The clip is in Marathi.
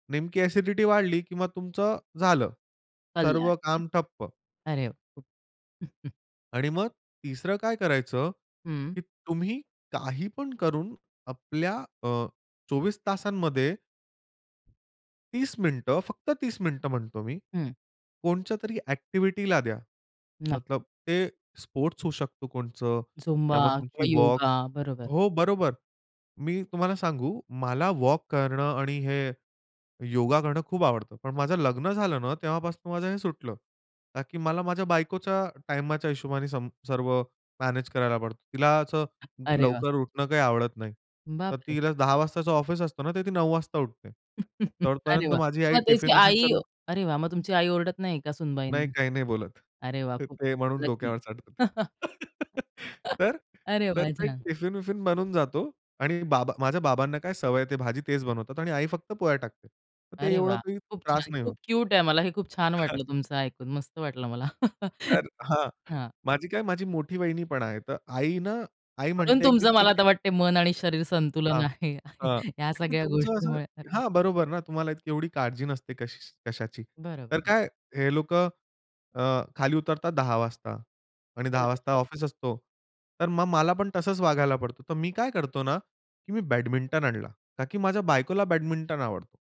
नेमकी अ‍ॅसिडिटी वाढली, की मग तुमचं झालं. कल्याण. सर्व काम ठप्प. हं, अरे वा! आणि मग तिसरं काय करायचं, हं. की तुम्ही काही पण करून आपल्या अ, 24 तासांमध्ये 30 मिनिटं, फक्त 30 मिनिटं म्हणतो मी. हं. कोनत्यातरी अ‍ॅक्टिव्हिटीला द्या. नाही. मतलब ते स्पोर्ट्स होऊ शकतो कोणतं झुंबा किंवा मग किंवा तुमची वॉक योगा. बरोबर. हो, बरोबर. मी तुम्हाला सांगू मला वॉक करणं आणि हे योगा करणं खूप आवडतं. पण माझं लग्न झालं ना, तेव्हापासून माझं हे सुटलं. का की मला माझ्या बायकोच्या टाईमाच्या हिशोबाने सम सर्व मॅनेज करायला पडतं. तिला असं अरे वाह! लवकर उठणं काही आवडत नाही. तर बापरे! तिला 10:00 वाजताच ऑफिस असतं ना, तर ती 9:00 वाजता उठते. अरे तोपर्यंत वाह! माझी आई मग त्याची टिफिन-विफिन आई सर्व अरे वाह! मग तुमची आई ओरडत नाही का नाही. सुनबाईंना? काही नाही बोलत. अरे वाह! तर खूप ते म्हणून लकी. डोक्यावर चढते. तर अरे तर वा! ते छान. टिफिन-विफिन बनून जातो आणि बाबा माझ्या बाबांना काय सवय आहे, ते भाजी तेच बनवतात आणि आई फक्त पोळ्या टाकते. मग ते अरे एवढं वाह! काही खूप त्रास छान, नाही होत. खूप क्यूट आहे. मला हे खूप छान हां. वाटलं तुमचं ऐकून, मस्त वाटलं मला. तर हां. हां. माझी काय माझी मोठी वाहिनी पण आहे. तर आई ना, आई म्हणून म्हणते, की तुमचं मला "ठीक आता आहे." वाटतंय मन आणि शरीर संतुलन हां. आहे, हां. या ताकी सगळ्या तुमचं असं गोष्टींमुळे. हां, बरोबर ना, तुम्हाला इतकी एवढी काळजी नसते कशी कशाची. तर बरोबर. काय हे लोकं अ, खाली उतरतात 10:00 वाजता आणि 10:00 बरं. वाजता ऑफिस असतो. तर मग मला पण तसंच वागायला पडतो. तर मी काय करतो ना, की मी बॅडमिंटन आणला. ताकी माझ्या बायकोला बॅडमिंटन आवडतो.